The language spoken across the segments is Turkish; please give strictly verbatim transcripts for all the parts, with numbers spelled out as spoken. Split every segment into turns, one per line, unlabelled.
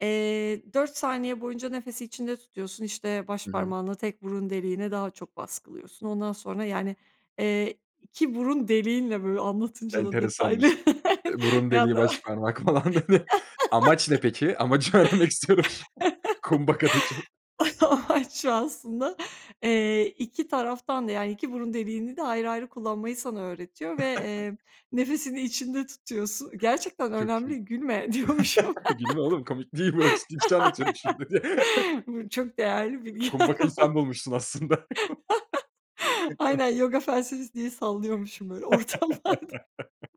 Eee, dört saniye boyunca nefesi içinde tutuyorsun, işte,
Hı hı.
başparmağınla tek burun deliğine daha çok baskılıyorsun. Ondan sonra, yani, eee, iki burun deliğinle Böyle anlatınca da detaylı
Enteresanmış. Eee,
[unintelligible]
burun deliği, başparmak falan. Amaç ne peki? Amacı öğrenmek istiyorum şu an Kumbhaka'daki.
Amaç şu aslında, eee, iki taraftan da, yani iki burun deliğini de ayrı ayrı kullanmayı sana öğretiyor ve, eee, nefesini içinde tutuyorsun. Gerçekten
Çok iyi.
önemli. "Gülme!" diyormuşum.
"Gülme oğlum! Komik değil bu, ciddi bir şey anlatıyorum şurada." diye.
Aynen. Bu çok değerli bilgiler
Kumbhaka'yı
falan.
sen bulmuşsun aslında.
Aynen, yoga felsefesi diye sallıyormuşum, böyle, ortamlarda.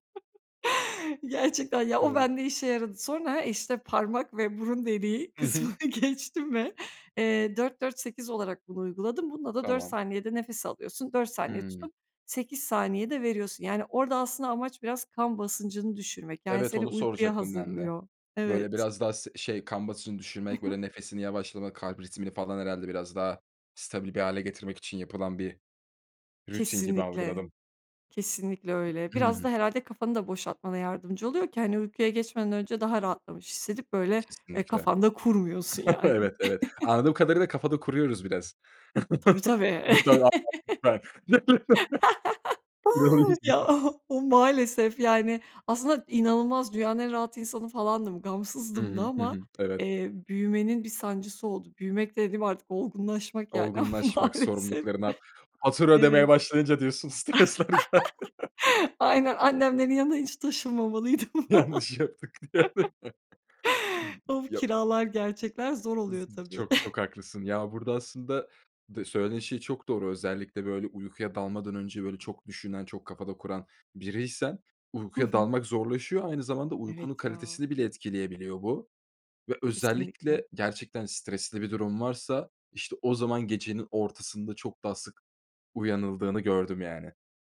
Gerçekten ya, o
Evet.
bende işe yaradı. Sonra, işte, parmak ve burun deliği
Hı hı.
kısmını geçtim ve, eee, dört dört sekiz olarak bunu uyguladım. Bunda da dört
Tamam.
saniyede nefes alıyorsun, dört saniye
Hımm.
tutup, sekiz saniyede veriyorsun. Yani, orada aslında amaç biraz kan basıncını düşürmek. Yani
Evet,
seni
onu
uykuya
soracaktım ben de.
hazırlıyor.
Böyle
Evet.
biraz daha s şey, kan basıncını
Hı
düşürmek,
hı.
böyle, nefesini yavaşlamak, kalp ritmini falan herhâlde biraz daha stabil bir hâle getirmek için yapılan bir rutin gibi
Kesinlikle,
algıladım.
kesinlikle öyle.
I hı
Biraz da
hı.
herhâlde kafanı da boşaltmana yardımcı oluyor ki, hani, uykuya geçmeden önce daha rahatlamış hissedip, böyle, eee,
Kesinlikle.
kafanda kurmuyorsun yani.
Evet, evet, anladığım kadarıyla kafada kuruyoruz biraz.
Tabii, tabii.
[unintelligible]
Ya o o
[unintelligible]
maalesef, yani, aslında inanılmaz dünyanın en rahat insanı falandım,
Hı
gamsızdım da
hı. Hı
ama,
hı. Evet.
eee, büyümenin bir sancısı oldu. Büyümek dediğim, artık olgunlaşmak, yani, ama
Olgunlaşmak
maalesef.
sorumluluklarından. Fatura
Evet.
ödemeye başlayınca diyorsun, stresler geldi.
Aynen, annemlerin yanından hiç taşınmamalıydım.
Yanlış yaptık bir yerde. [unintelligible]
Of,
Yo
kiralar, gerçekler zor
Hı hı.
oluyor tabii.
Çok, çok haklısın ya, burada aslında, de söylediğin şey çok doğru. Özellikle, böyle, uykuya dalmadan önce, böyle, çok düşünen, çok kafada kuran biriysen,
Hı
uykuya
hı.
dalmak zorlaşıyor. Aynı zamanda, uykunun
Evet ya.
kalitesini bile etkileyebiliyor bu ve
Kesinlikle.
özellikle gerçekten stresli bir durum varsa işte o zaman gecenin ortasında çok daha sık uyanıldığını gördüm yani.